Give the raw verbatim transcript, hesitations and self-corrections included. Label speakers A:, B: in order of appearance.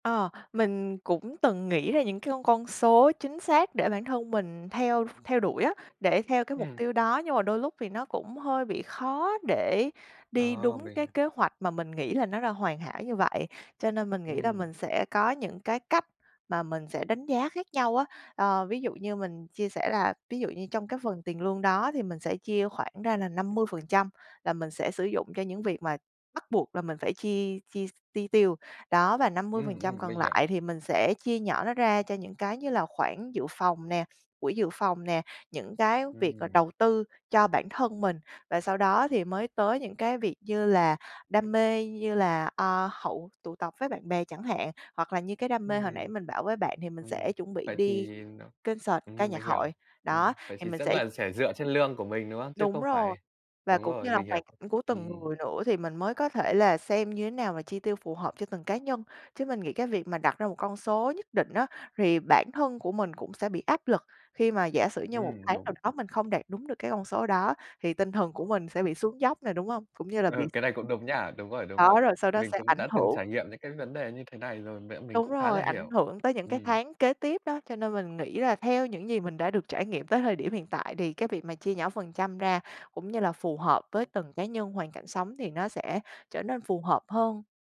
A: Ờ, mình cũng từng nghĩ ra những cái con con số chính xác để bản thân mình theo theo đuổi á, để theo cái mục
B: Ừm.
A: tiêu đó, nhưng mà đôi lúc thì nó cũng hơi bị khó để đi
B: Ồ!
A: đúng
B: Vậy
A: cái
B: hả?
A: kế hoạch mà mình nghĩ là nó đã hoàn hảo như vậy, cho nên mình nghĩ là
B: Ừm.
A: mình sẽ có những cái cách mà mình sẽ đánh giá khác nhau á. Ờ, ví dụ như mình chia sẻ là ví dụ như trong cái phần tiền lương đó thì mình sẽ chia khoảng ra là năm mươi phần trăm là mình sẽ sử dụng cho những việc mà bắt buộc là mình phải chi chi s chi tiêu, đó, và năm mươi phần
B: Ừm,
A: trăm
B: ừm,
A: còn
B: mình hiểu.
A: lại thì mình sẽ chia nhỏ nó ra cho những cái như là khoản dự phòng nè, quỹ dự phòng nè, những cái việc là
B: Ừm.
A: đầu tư cho bản thân mình. Và sau đó thì mới tới những cái việc như là đam mê, như là, à, hậu tụ tập với bạn bè chẳng hạn, hoặc là như cái đam mê hồi nãy
B: Ừm,
A: mình bảo với bạn thì mình sẽ
B: ừm.
A: chuẩn bị
B: Vậy
A: đi
B: thì n
A: concert ca
B: ừm, mình
A: nhạc hội.
B: hiểu.
A: Đó,
B: Ừm, vậy
A: thì
B: thì
A: mình
B: sẽ
A: sẽ
B: là sẽ dựa trên lương của mình, đúng không? Chứ
A: Đúng
B: không
A: rồi,
B: phải
A: và
B: đúng
A: cũng như
B: rồi,
A: là
B: mình hiểu,
A: hoàn cảnh của từng
B: ừm.
A: người nữa thì mình mới có thể là xem như thế nào mà chi tiêu phù hợp cho từng cá nhân. Chứ mình nghĩ cái việc mà đặt ra một con số nhất định á thì bản thân của mình cũng sẽ bị áp lực khi mà giả sử như một
B: Ừm,
A: tháng nào
B: đúng.
A: đó mình không đạt đúng được cái con số đó, thì tinh thần của mình sẽ bị xuống dốc nè, đúng hông? Cũng như là bị
B: Ừ, cái này cũng đúng nha, đúng rồi, đúng
A: Đó,
B: rồi.
A: rồi sau đó
B: Mình
A: sẽ
B: cũng
A: ảnh
B: đã từng
A: hưởng
B: trải nghiệm những cái vấn đề như thế này rồi, vậy nên mình
A: Đúng
B: cũng khá
A: rồi,
B: là
A: ảnh
B: hiểu.
A: hưởng tới những cái
B: Ừm.
A: tháng kế tiếp đó, cho nên mình nghĩ là theo những gì mình đã được trải nghiệm tới thời điểm hiện tại thì cái việc mà chia nhỏ phần trăm ra cũng như là phù hợp với từng cá nhân, hoàn cảnh sống thì nó sẽ trở nên phù hợp hơn.